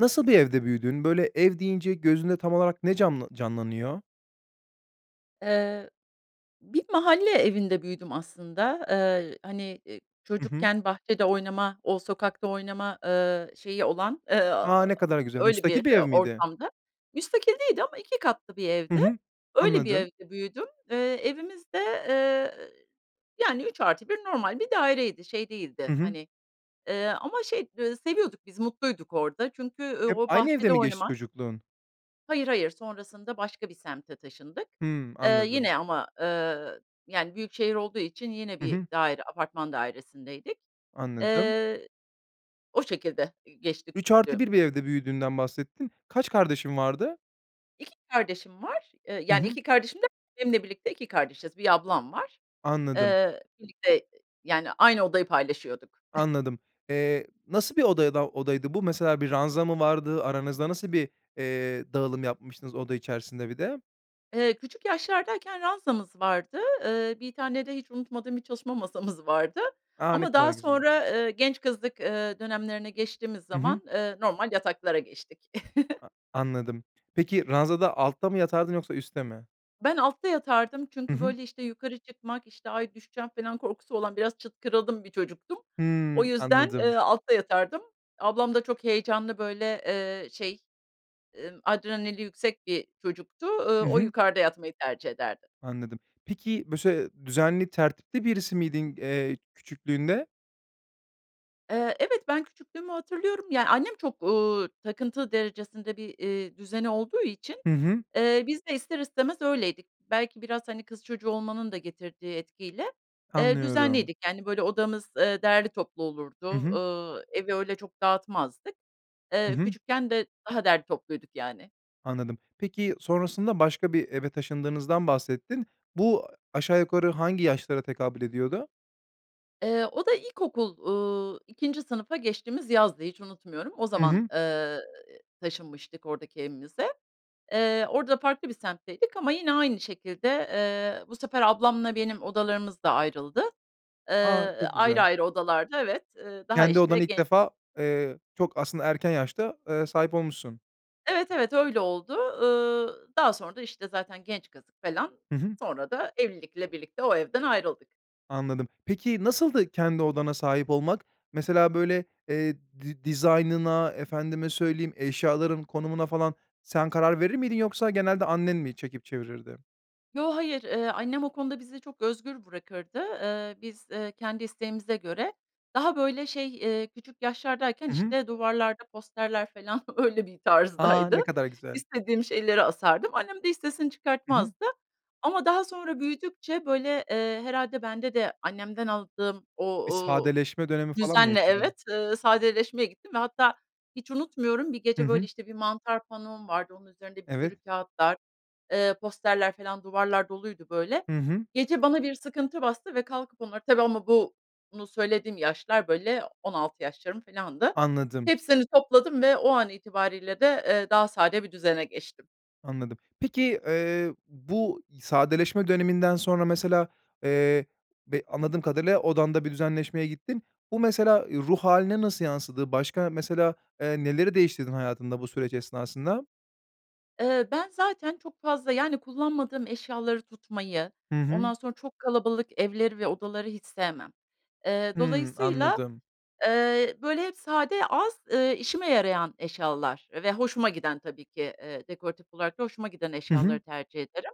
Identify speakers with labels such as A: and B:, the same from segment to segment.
A: Nasıl bir evde büyüdün, böyle, ev deyince gözünde tam olarak ne can canlanıyor?
B: Eee, bir mahalle evinde büyüdüm aslında. Eee, hani, ııı,
A: Hı hı.
B: çocukken bahçede oynama, o sokakta oynama, ııı, şeyi olan, ııı,
A: A,
B: aaa,
A: ne kadar güzel.
B: öyle
A: Müstakil
B: bir,
A: bir ev
B: ııı,
A: miydi?
B: ortamdı. Müstakil değildi ama 2 katlı bir
A: Hı
B: evdi.
A: hı,
B: Öyle bir
A: anladım.
B: evde büyüdüm. Iıı, evimiz de, eee, yani, 3+1 normal bir daireydi. Şey
A: Hı
B: değildi,
A: hı.
B: hani, eee, ama şey, ııı, seviyorduk biz, mutluyduk orada çünkü
A: Hep
B: o
A: aynı evde
B: bahçede
A: mi geçti
B: oynamak
A: çocukluğun?
B: Hayır, hayır sonrasında başka bir semte taşındık.
A: Hıı.
B: Eee,
A: Anladım.
B: yine ama, ııı, yani, büyük şehir olduğu için yine
A: Hı
B: bir
A: hı.
B: daire apartman dairesindeydik.
A: Anladım.
B: Eee, o şekilde geçti
A: üç artı
B: küçüklüğüm.
A: bir bir evde büyüdüğünden bahsettin, kaç kardeşin vardı?
B: 2 kardeşim var. Eee,
A: Hı
B: yani,
A: hı.
B: 2 kardeşim derken benimle birlikte 2 kardeşiz, 1 ablam var.
A: Anladım.
B: Eee, birlikte ı yani, aynı odayı paylaşıyorduk.
A: Anladım. Eee, nasıl bir odayada odaydı bu? Mesela, bir ranza mı vardı aranızda? Nasıl bir, eee, dağılım yapmıştınız oda içerisinde bir de?
B: Eee, küçük yaşlardayken ranzamız vardı. Eee, 1 tane de hiç unutmadığım bir çalışma masamız vardı
A: A, ne
B: ama
A: kadar
B: daha
A: güzel.
B: sonra, eee, genç kızlık, eee, dönemlerine geçtiğimiz
A: Hı hı.
B: zaman, eee, normal yataklara geçtik.
A: A anladım. Peki, ranzada altta mı yatardın yoksa üste mi?
B: Ben altta yatardım
A: Hı
B: çünkü,
A: hı.
B: böyle, işte, yukarı çıkmak, işte, "ay, düşeceğim." falan korkusu olan biraz çıtkırıldım bir çocuktum. O
A: Hıı,
B: yüzden,
A: anladım.
B: eee, altta yatardım. Ablam da çok heyecanlı, böyle, eee, şey, ımm, adrenali yüksek bir çocuktu, ııı,
A: Hı
B: o
A: hı.
B: yukarıda yatmayı tercih ederdi.
A: Anladım. Peki, bu se düzenli, tertipli birisi miydin, eee, küçüklüğünde?
B: Eee, evet, ben küçüklüğümü hatırlıyorum. Ya, annem çok, ııı, takıntı derecesinde bir, ııı, düzeni olduğu için,
A: Hı hı.
B: eee, biz de ister istemez öyleydik. Belki biraz, hani, kız çocuğu olmanın da getirdiği etkiyle, eee,
A: Anlıyorum.
B: düzenliydik. Yani, böyle odamız, eee, derli toplu
A: Hı
B: olurdu,
A: hı.
B: ııı, evi öyle çok dağıtmazdık.
A: Hı
B: Eee,
A: hı.
B: küçükken de daha derli topluyorduk, yani.
A: Anladım. Peki, sonrasında başka bir eve taşındığınızdan bahsettin. Bu aşağı yukarı hangi yaşlara tekabül ediyordu?
B: Eee, o da ilkokul, uuu, 2'nci sınıfa geçtiğimiz yazdı, hiç unutmuyorum. O
A: Hı
B: zaman,
A: hı.
B: eee, ııı, taşınmıştık oradaki evimize. Eee, orada farklı bir semtteydik ama yine aynı şekilde, eee, bu sefer ablamla benim odalarımız da ayrıldı. Eee,
A: A! Çok
B: ayrı
A: güzel.
B: ayrı odalarda, evet, eee, daha
A: Kendi
B: işte
A: odanı ilk
B: gen
A: defa eee, çok aslında erken yaşta, eee, sahip olmuşsun.
B: Evet, evet öyle oldu. Iıı, daha sonra da, işte, zaten genç kızlık felan,
A: Hı hı.
B: sonra da evlilikle birlikte o evden ayrıldık.
A: Anladım, peki, nasıldı kendi odana sahip olmak? Mesela, böyle, eee, di dizaynına, efendime söyleyeyim, eşyaların konumuna falan sen karar verir miydin yoksa genelde annen mi çekip çevirirdi?
B: Yo, hayır. Eee, annem o konuda bizi çok özgür bırakırdı, eee, biz, eee, kendi isteğimize göre Daha, böyle, şey, eee, küçük yaşlardayken,
A: I hı.
B: işte, duvarlarda posterler, felan, öyle bir
A: A!
B: tarzdaydı.
A: Ne kadar güzel.
B: İstediğim şeyleri asardım. Annem de hiç sesini
A: I hı.
B: çıkartmazdı ama daha sonra büyüdükçe, böyle, eee, herhâlde bende de annemden aldığım o
A: Bir
B: o
A: sadeleşme dönemi falan mı
B: düzenle
A: yaşadın?
B: Evet, eee, sadeleşmeye gittim ve hatta, hiç unutmuyorum, bir
A: Hı
B: gece, böyle,
A: hı.
B: işte, 1 mantar panom vardı, onun üzerinde bir
A: Evet.
B: sürü kâğıtlar, eee, posterler, filan, duvarlar doluydu, böyle.
A: Hı hı.
B: Gece bana bir sıkıntı bastı ve kalkıp onları tabii, ama bu bunu söylediğim yaşlar, böyle, 16 yaşlarım, filandı.
A: Anladım.
B: Hepsini topladım ve o an itibariyle de, eee, daha sade bir düzene geçtim.
A: Anladım. Peki, eee, bu sadeleşme döneminden sonra mesela, eee, be anladığım kadarıyla, odanda bir düzenleşmeye gittin. Bu mesela, eee, ruh hâline nasıl yansıdı? Başka mesela, eee, neleri değiştirdin hayatında bu süreç esnasında?
B: Eee, ben zaten çok fazla, yani, kullanmadığım eşyaları tutmayı,
A: Hı hı.
B: ondan sonra çok kalabalık evleri ve odaları hiç sevmem. Eee,
A: Hıı,
B: dolayısıyla,
A: anladım.
B: eee, böyle, hep sade, az, eee, işime yarayan eşyalar ve hoşuma giden tabii ki, eee, dekoratif olarak da hoşuma giden
A: Hı hı.
B: eşyaları tercih ederim.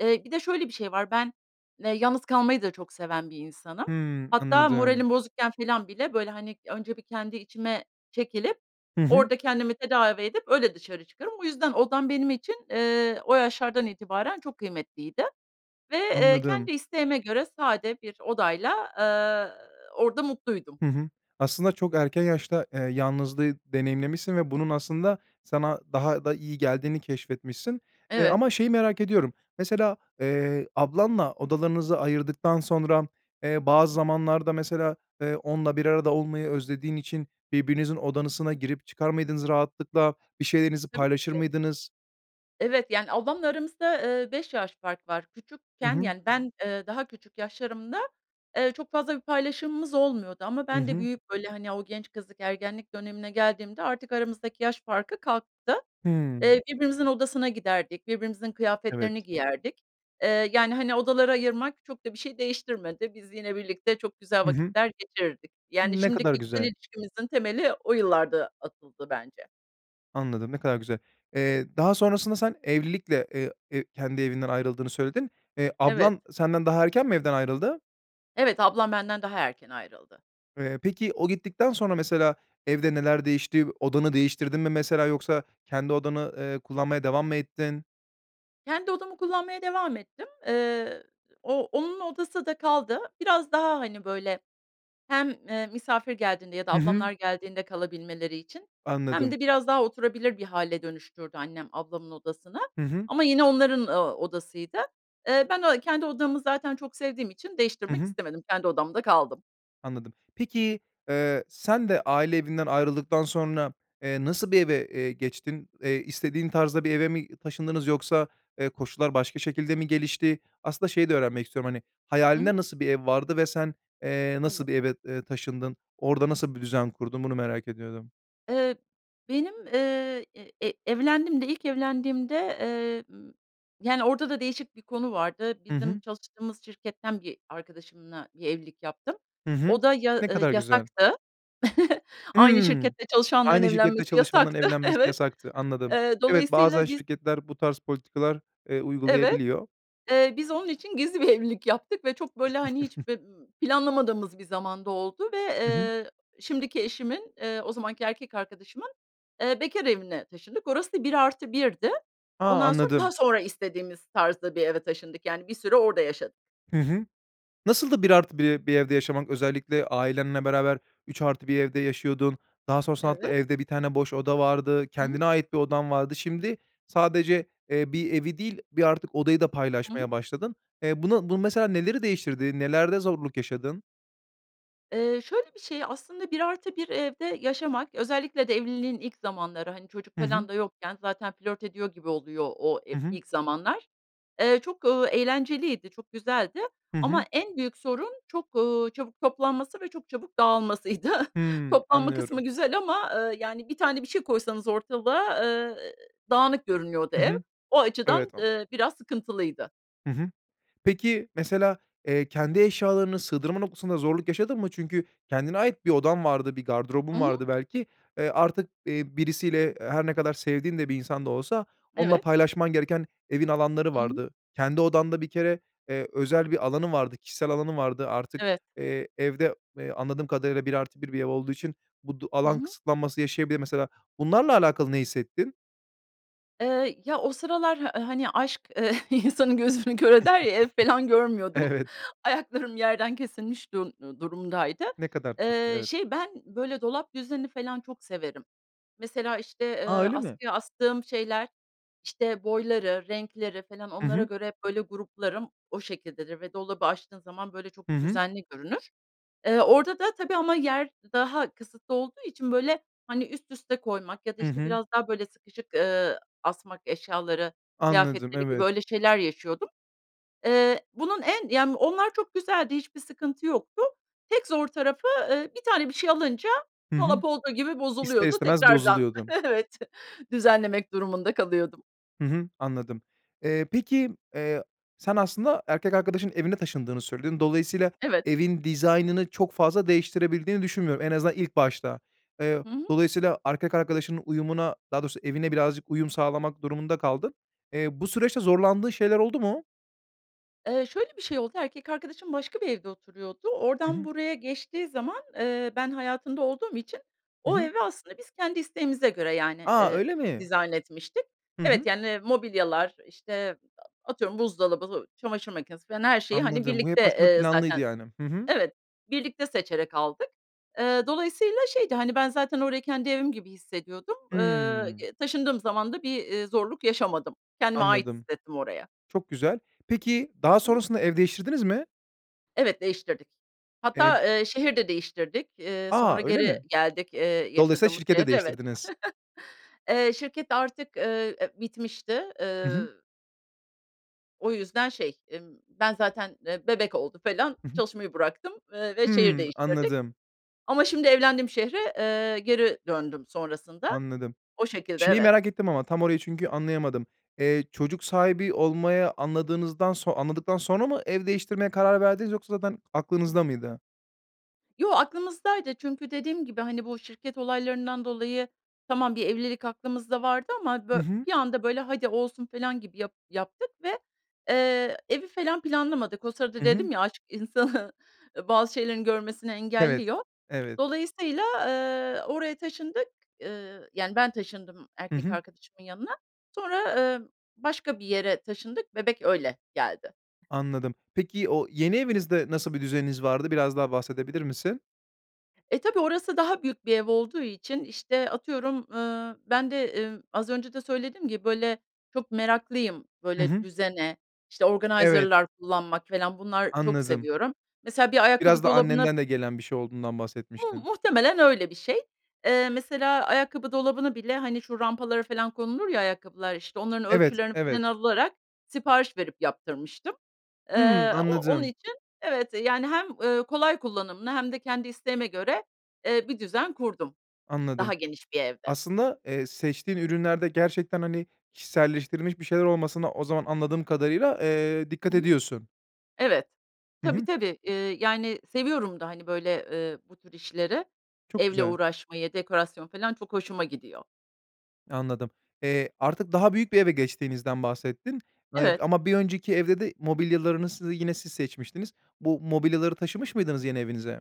B: Eee, bir de şöyle bir şey var, ben, eee, yalnız kalmayı da çok seven bir insanım.
A: Hıı,
B: Hatta
A: anladım.
B: moralim bozukken felan bile, böyle, hani, önce bir kendi içime çekilip,
A: Hı hı.
B: orada kendimi tedavi edip, öyle dışarı çıkarım. O yüzden odam benim için, eee, o yaşlardan itibaren çok kıymetliydi. Ve, eee,
A: Anladım.
B: kendi isteğime göre sade bir odayla, eee, orada mutluydum.
A: Hı hı. Aslında çok erken yaşta, eee, yalnızlığı deneyimlemişsin ve bunun aslında sana daha da iyi geldiğini keşfetmişsin. Eee,
B: Evet.
A: ama şeyi merak ediyorum, mesela, eee, ablanla odalarınızı ayırdıktan sonra, eee, bazı zamanlarda mesela, eee, onunla bir arada olmayı özlediğin için birbirinizin odasına girip çıkar mıydınız rahatlıkla, bir şeylerinizi
B: Tabii
A: paylaşır
B: ki.
A: mıydınız?
B: Evet, yani, ablamla aramızda, eee, 5 yaş fark var.
A: Hı
B: Küçükken,
A: hı.
B: yani, ben, eee, daha küçük yaşlarımda, eee, çok fazla bir paylaşımımız olmuyordu ama
A: Hı
B: ben de
A: hı.
B: büyüyüp, böyle, hani, o genç kızlık, ergenlik dönemine geldiğimde artık aramızdaki yaş farkı kalktı.
A: Hıı.
B: Eee, birbirimizin odasına giderdik, birbirimizin kıyafetlerini
A: Evet.
B: giyerdik. Eee, yani, hani, odalara ayırmak çok da bir şeyi değiştirmedi. Biz, yine birlikte çok güzel
A: Hı hı.
B: vakitler geçirirdik. Yani,
A: Ne
B: şimdi
A: kadar
B: kişisel
A: güzel.
B: ilişkimizin temeli o yıllarda atıldı bence.
A: Anladım. Ne kadar güzel. Eee, daha sonrasında sen evlilikle, eee, eee, kendi evinden ayrıldığını söyledin. Eee,
B: Evet.
A: ablan senden daha erken mi evden ayrıldı?
B: Evet, ablam benden daha erken ayrıldı.
A: Eee, peki, o gittikten sonra mesela, evde neler değişti? Odanı değiştirdin mi, mesela, yoksa kendi odanı, ııı, kullanmaya devam mı ettin?
B: Kendi odamı kullanmaya devam ettim. Eee, o onun odası da kaldı. Biraz daha, hani, böyle, hem, eee, misafir geldiğinde ya da
A: Hı hı.
B: ablamlar geldiğinde kalabilmeleri için hem
A: Anladım.
B: de biraz daha oturabilir bir hâle dönüştürdü annem ablamın odasını
A: Hı hı.
B: ama yine onların, ııı, odasıydı. Eee, ben o kendi odamı, zaten, çok sevdiğim için
A: Hı
B: değiştirmek
A: hı.
B: istemedim, kendi odamda kaldım.
A: Anladım, peki, eee, sen de aile evinden ayrıldıktan sonra, eee, nasıl bir eve, eee, geçtin? Eee, istediğin tarzda bir eve mi taşındınız yoksa, eee, koşullar başka şekilde mi gelişti? Aslında, şeyi de öğrenmek istiyorum, hani,
B: Hı hı.
A: hayalinde nasıl bir ev vardı ve sen, eee, nasıl
B: Evet.
A: bir eve, eee, taşındın? Orada nasıl bir düzen kurdun? Bunu merak ediyordum.
B: Eee, benim, eee, e evlendiğimde ilk evlendiğimde, eee, m, yani, orada da değişik bir konu vardı.
A: Hı
B: Bizim
A: hı.
B: çalıştığımız şirketten bir arkadaşımla bir evlilik yaptım.
A: Hı hı,
B: O da ya
A: ne
B: ı
A: kadar güzel.
B: yasaktı. Aynı
A: Hımm.
B: şirkette çalışanların
A: Aynı şirkette
B: evlenmesi
A: çalışanların
B: yasaktı,
A: evlenmesi
B: evet.
A: yasaktı, anladım.
B: Eee,
A: Evet, bazen
B: dolayısıyla biz
A: şirketler bu tarz politikalar, eee,
B: Evet.
A: uygulayabiliyor.
B: Eee, biz onun için gizli bir evlilik yaptık ve çok, böyle, hani, hiç, b ımm, planlamadığımız bir zamanda oldu ve,
A: Hı hı.
B: eee, şimdiki eşimin, eee, o zamanki erkek arkadaşımın, eee, bekâr evine taşındık. Orası da 1+1 di.
A: A!
B: Ondan sonra
A: Anladım.
B: daha sonra istediğimiz tarzda bir eve taşındık, yani, bir süre orada yaşadık.
A: Hı hı. Nasıldı 1+1 bir evde yaşamak? Özellikle, ailenle beraber 3+1 evde yaşıyordun daha sonrasında hatta,
B: Evet.
A: evde 1 tane boş oda vardı.
B: Hı hı.
A: Kendine ait bir odan vardı. Şimdi sadece, eee, bir evi değil bir artık odayı da
B: Hı hı.
A: paylaşmaya başladın. Eee, bunu bu, mesela, neleri değiştirdi? Nelerde zorluk yaşadın?
B: Iıı, şöyle bir şey, aslında 1+1 evde yaşamak, özellikle de evliliğin ilk zamanları, hani, çocuk
A: Hı hı.
B: falan da yokken zaten flört ediyor gibi oluyor o e
A: Hı hı.
B: ilk zamanlar. Eee, ııı, çok eğlenceliydi, çok güzeldi.
A: Hı
B: Ama
A: hı.
B: en büyük sorun çok, ııı, çabuk toplanması ve çok çabuk dağılmasıydı.
A: Hıı.
B: Toplanma kısmı
A: Anlıyorum.
B: güzel ama, ııı, yani, bir tane bir şey koysanız ortalığa, ııı, dağınık görünüyordu
A: Hı
B: ev.
A: hı.
B: O açıdan,
A: Evet, an
B: ııı, biraz sıkıntılıydı.
A: Hı hı. Peki, mesela, eee, kendi eşyalarını sığdırma noktasında zorluk yaşadın mı? Çünkü kendine ait bir odan vardı, bir
B: I
A: gardırobun
B: hı.
A: vardı belki. Iıı, artık, iii, birisiyle, her ne kadar sevdiğin de bir insan da olsa, onunla
B: Evet.
A: paylaşman gereken evin alanları
B: I hı.
A: vardı. Kendi odanda bir kere, eee, özel bir alanın vardı, kişisel alanın vardı. Artık,
B: Evet.
A: eee, evde, eee, anladığım kadarıyla 1+1 bir ev olduğu için bu du
B: Hı
A: alan
B: hı.
A: kısıtlanması yaşayabilir. Mesela, bunlarla alakalı ne hissettin?
B: Iıı, ya, o sıralar h hani, aşk, ııı, insanın gözünü kör eder ya, ev felan görmüyordum.
A: Evet.
B: Ayaklarım yerden kesilmiş duru durumdaydı.
A: Ne kadar tatlı,
B: Iıı,
A: evet.
B: şey, ben, böyle, dolap düzeni falan çok severim. Mesela, işte,
A: A!
B: eee,
A: öyle mi?
B: askıya astığım şeyler, işte, boyları, renkleri falan
A: Hı
B: onlara
A: hı.
B: göre hep böyle gruplarım, o şekildedir ve dolabı açtığın zaman böyle çok
A: Hı hı.
B: düzenli görünür. Eee, orada da tabii ama yer daha kısıtlı olduğu için, böyle, hani, üst üste koymak ya da,
A: Hı
B: işte,
A: hı.
B: biraz daha, böyle, sıkışık, ııı, asmak eşyaları,
A: Anladım,
B: kıyafetleri gibi,
A: evet.
B: öyle şeyler yaşıyordum. Iıı, bunun en ya, onlar çok güzeldi, hiçbir sıkıntı yoktu. Tek zor tarafı, ııı, bir tane bir şey alınca
A: Hı hı.
B: dolap olduğu gibi
A: İster
B: bozuluyordu,
A: istemez
B: tekrardan
A: bozuluyordun.
B: evet, düzenlemek durumunda kalıyordum.
A: Hı hı, anladım. Eee, peki, eee, sen, aslında, erkek arkadaşının evine taşındığını söyledin. Dolayısıyla,
B: Evet.
A: evin dizaynını çok fazla değiştirebildiğini düşünmüyorum. En azından ilk başta. Eee,
B: Hı hı.
A: dolayısıyla erkek arkadaşının uyumuna, daha doğrusu evine, birazcık uyum sağlamak durumunda kaldın. Eee, bu süreçte zorlandığın şeyler oldu mu?
B: Eee, şöyle bir şey oldu. Erkek arkadaşım başka bir evde oturuyordu.
A: Hı
B: Oradan
A: hı.
B: buraya geçtiği zaman, eee, ben hayatında olduğum için
A: Hı
B: o
A: hı.
B: eve aslında biz kendi isteğimize göre, yani,
A: A!
B: eee,
A: Öyle
B: ı
A: mi?
B: dizayn etmiştik.
A: Hı
B: Evet,
A: hı.
B: yani, mobilyalar işte, a atıyorum buzdolabı, çamaşır makinesi falan her şeyi, hani,
A: Anladım, bu hep
B: birlikte,
A: aslında
B: eee,
A: planlıydı,
B: zaten
A: yani. Hı hı.
B: Evet, birlikte seçerek aldık. Eee, dolayısıyla şeydi. Hani, ben zaten orayı kendi evim gibi hissediyordum. Eee,
A: Hımm.
B: y taşındığım zaman da bir, eee, zorluk yaşamadım. Kendimi ait
A: Anladım.
B: hissettim oraya.
A: Çok güzel, peki, daha
B: Hı hı.
A: sonrasında ev değiştirdiniz mi?
B: Evet, değiştirdik.
A: E
B: Hatta, eee, şehir de değiştirdik. Eee,
A: A!
B: sonra
A: Öyle
B: geri
A: mi?
B: geldik, eee,
A: Dolayısıyla
B: yaşadığımız
A: şirketi de
B: şehre, evet.
A: değiştirdiniz.
B: Eee, şirket artık, eee, bitmişti.
A: Hı
B: Eee
A: hı.
B: O yüzden şey, ımm, ben zaten, eee, bebek oldu falan
A: I hı.
B: çalışmayı bıraktım, ııı, ve şehir
A: Hıı.
B: değiştirdik.
A: Anladım.
B: Ama şimdi evlendiğim şehre, eee, geri döndüm sonrasında.
A: Anladım.
B: O şekilde,
A: Şeyi
B: evet.
A: merak ettim ama tam orayı çünkü anlayamadım. Eee, çocuk sahibi olmaya anladığınızdan son anladıktan sonra mı ev değiştirmeye karar verdiniz yoksa zaten aklınızda mıydı?
B: Yo, aklımızdaydı. Çünkü dediğim gibi, hani, bu şirket olaylarından dolayı, tamam, bir evlilik aklımızda vardı ama,
A: I
B: bö
A: hı.
B: bir anda, böyle, "Hadi, olsun." felan gibi yap yaptık ve, eee, evi falan planlamadık. O
A: I
B: sırada
A: hı.
B: dedim ya, aşk insanı, eee, bazı şeylerini görmesini
A: Evet,
B: engelliyor.
A: evet.
B: Dolayısıyla, eee, oraya taşındık, ııı, yani, ben taşındım
A: Hı
B: erkek
A: hı.
B: arkadaşımın yanına, sonra, ımm, başka bir yere taşındık, bebek öyle geldi.
A: Anladım. Peki, o yeni evinizde nasıl bir düzeniniz vardı, biraz daha bahsedebilir misin?
B: E, tabii orası daha büyük bir ev olduğu için, işte, atıyorum, ııı, ben de, emm, az önce de söylediğim gibi, böyle, çok meraklıyım,
A: Hı
B: böyle,
A: hı.
B: düzene, işte,
A: Evet.
B: organizer'lar kullanmak falan bunlar çok
A: Anladım.
B: seviyorum. Mesela bir
A: Biraz
B: ayakkabı
A: da
B: dolabına
A: annenden de gelen bir şey olduğundan
B: Mu
A: bahsetmiştin.
B: muhtemelen öyle bir şey. Eee, mesela ayakkabı dolabını bile, hani, şu rampalara falan konulur ya ayakkabılar, işte, onların
A: Evet,
B: ölçülerini
A: evet.
B: falan alarak sipariş verip yaptırmıştım.
A: Hıı.
B: Eee, o onun
A: Anladım.
B: için evet, eee, yani, hem, ııı, kolay kullanımlı hem de kendi isteğime göre, eee, bir düzen kurdum, i
A: Anladım.
B: daha geniş bir evde.
A: Aslında, eee, seçtiğin ürünlerde gerçekten, hani, kişiselleştirilmiş bir şeyler olmasına o zaman, anladığım kadarıyla, eee,
B: Hı
A: dikkat
B: hı.
A: ediyorsun.
B: Evet.
A: Hı
B: Tabii,
A: hı.
B: tabii. Iıı, yani, seviyorum da, hani, böyle, ııı, bu tür işleri.
A: Çok
B: Evle
A: güzel.
B: uğraşmayı, dekorasyon felan çok hoşuma gidiyor.
A: Anladım, eee, artık daha büyük bir eve geçtiğinizden bahsettin, eee,
B: Evet.
A: ama bir önceki evde de mobilyalarınızı yine siz seçmiştiniz. Bu mobilyaları taşımış mıydınız yeni evinize?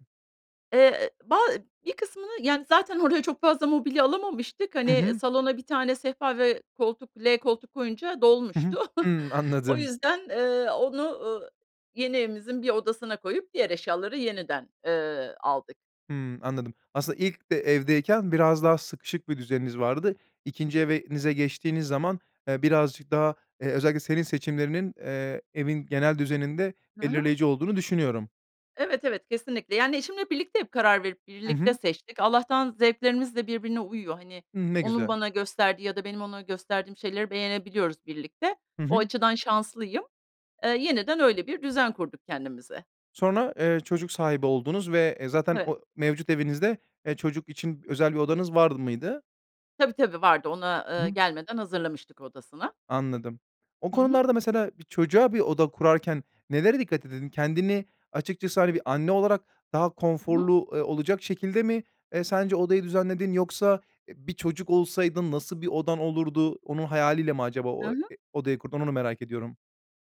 B: Eee, ba bir kısmını, yani, zaten oraya çok fazla mobilya alamamıştık,
A: Hı
B: hani
A: hı.
B: salona 1 tane sehpa ve koltuk L koltuk koyunca
A: Hı hı.
B: dolmuştu.
A: Hıı,
B: O
A: anladım.
B: yüzden, eee, onu, eee, yeni evimizin 1 odasına koyup diğer eşyaları yeniden, eee, aldık.
A: Hıı, anladım. Aslında, ilk de evdeyken biraz daha sıkışık bir düzeniniz vardı, 2'nci evenize geçtiğiniz zaman, eee, birazcık daha, eee, özellikle senin seçimlerinin, eee, evin genel düzeninde
B: Hı hı.
A: belirleyici olduğunu düşünüyorum.
B: Evet, evet, kesinlikle. Yani, eşimle birlikte hep karar verip,
A: Hı
B: birlikte
A: hı.
B: seçtik. Allah'tan zevklerimiz de birbirine uyuyor. Hani,
A: Hıı, ne
B: onun
A: güzel.
B: bana gösterdiği ya da benim ona gösterdiğim şeyleri beğenebiliyoruz birlikte.
A: Hı
B: O
A: hı.
B: açıdan şanslıyım. Eee, yeniden öyle bir düzen kurduk kendimize.
A: Sonra, eee, çocuk sahibi oldunuz ve, eee, zaten
B: Evet.
A: o mevcut evinizde, eee, çocuk için özel bir odanız var mıydı?
B: Tabii, tabii, vardı ona,
A: Hı
B: eee,
A: hı.
B: gelmeden hazırlamıştık odasını.
A: Anladım, o
B: Hı hı.
A: konularda, mesela, bir çocuğa bir oda kurarken nelere dikkat edin? Kendini açıkçası, hani, bir anne olarak daha
B: Hı hı.
A: konforlu, eee, olacak şekilde mi, eee, sence odayı düzenledin yoksa, eee, bir çocuk olsaydın nasıl bir odan olurdu? Onun hayaliyle mi acaba
B: Hı
A: o
B: hı.
A: e odayı kurdun, onu merak ediyorum.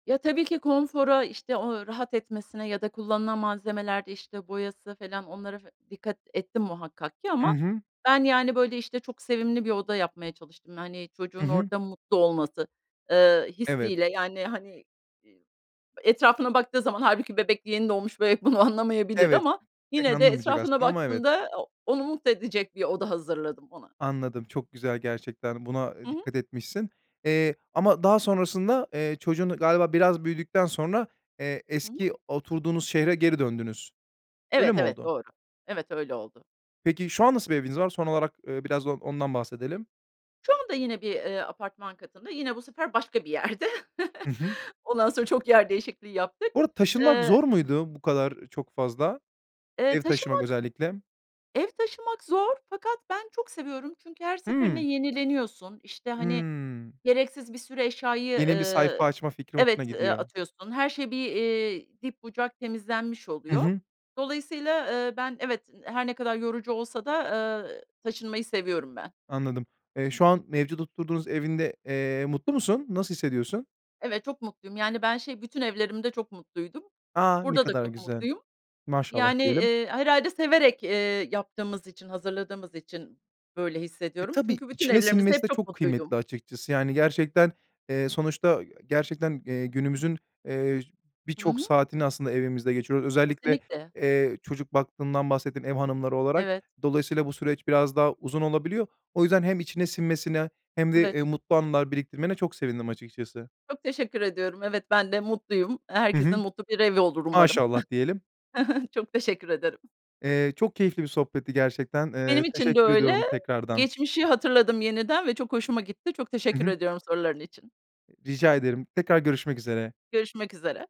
B: Ya, tabii ki konfora, işte, o rahat etmesine ya da kullanılan malzemelerde, işte, boyası felan, onlara fe dikkat ettim muhakkak ki
A: I
B: ama,
A: hı.
B: ben, yani, böyle, işte, çok sevimli bir oda yapmaya çalıştım. Hani,
A: Hı
B: çocuğun
A: hı.
B: orada mutlu olması, eee, hissi
A: Evet.
B: ile. Yani, hani, iii, etrafına baktığı zaman hâlbuki bebek, yeni doğmuş bebek bunu anlamayabilir
A: Evet.
B: ama
A: Pek
B: yine de
A: anlamayacak
B: etrafına
A: aslında ama evet.
B: baktığında, o onu mutlu edecek bir oda hazırladım ona.
A: Anladım, çok güzel gerçekten. Buna, eee,
B: Hı hı.
A: dikkat etmişsin. Eee, ama daha sonrasında, eee, çocuğun galiba biraz büyüdükten sonra, eee,
B: Hı hı.
A: eski oturduğunuz şehre geri döndünüz.
B: Evet,
A: Öyle mi
B: evet,
A: oldu?
B: doğru. Evet, öyle oldu.
A: Peki, şu an nasıl bir eviniz var? Son olarak, eee, biraz da o ondan bahsedelim.
B: Şu anda yine bir, eee, apartman katında, yine bu sefer başka bir yerde.
A: Hı hı.
B: Ondan sonra çok yer değişikliği yaptık,
A: Bu arada taşınmak
B: eee
A: zor muydu, bu kadar çok fazla?
B: Eee,
A: Ev taşımak
B: taşınmak
A: özellikle.
B: Ev taşımak zor, fakat ben çok seviyorum. Çünkü her seferinde
A: Hıı.
B: yenileniyorsun, işte, hani,
A: Hıı.
B: gereksiz bir sürü eşyayı,
A: Yeni bir sayfa
B: eee
A: açma fikri hoşuna
B: Evet, eee,
A: gidiyor.
B: atıyorsun, her şey bir, iii, dip bucak temizlenmiş
A: Hı
B: oluyor.
A: hı.
B: Dolayısıyla, eee, ben evet, her ne kadar yorucu olsa da, eee, taşınmayı seviyorum ben.
A: Anladım. Eee, şu an mevcut oturduğunuz evinde, eee, mutlu musun, nasıl hissediyorsun?
B: Evet, çok mutluyum. Yani, ben şey, bütün evlerimde çok mutluydum.
A: A! Ne
B: Burada da
A: kadar
B: çok
A: güzel!
B: mutluyum.
A: Maşallah
B: Yani,
A: diyelim!
B: eee, herhâlde severek, eee, yaptığımız için, hazırladığımız için böyle
A: E,
B: hissediyorum.
A: tabii
B: Çünkü bütün
A: içine
B: evlerimizde hep
A: sinmesi de
B: çok
A: çok
B: mutluydum.
A: kıymetli, açıkçası, yani, gerçekten, eee, sonuçta gerçekten, eee, günümüzün, eee,
B: Hı
A: birçok
B: hı.
A: saatini aslında evimizde geçiriyoruz. Özellikle,
B: Kesinlikle.
A: eee, çocuk baktığından bahsettin ev hanımları olarak.
B: Evet.
A: Dolayısıyla bu süreç biraz daha uzun olabiliyor. O yüzden hem içine sinmesine hem de,
B: Evet.
A: eee, mutlu anılar biriktirmene çok sevindim açıkçası.
B: Çok teşekkür ediyorum. Evet, ben de mutluyum.
A: Hı
B: Herkesin
A: hı.
B: mutlu bir evi olur umarım.
A: Maşallah diyelim.
B: Çok teşekkür ederim.
A: Eee, çok keyifli bir sohbetti gerçekten, eee,
B: Benim için de
A: teşekkür
B: öyle.
A: ediyorum tekrardan.
B: Geçmişi hatırladım yeniden ve çok hoşuma gitti. Çok
A: Hı
B: teşekkür
A: hı.
B: ediyorum soruların için.
A: Rica ederim, tekrar görüşmek üzere.
B: Görüşmek üzere.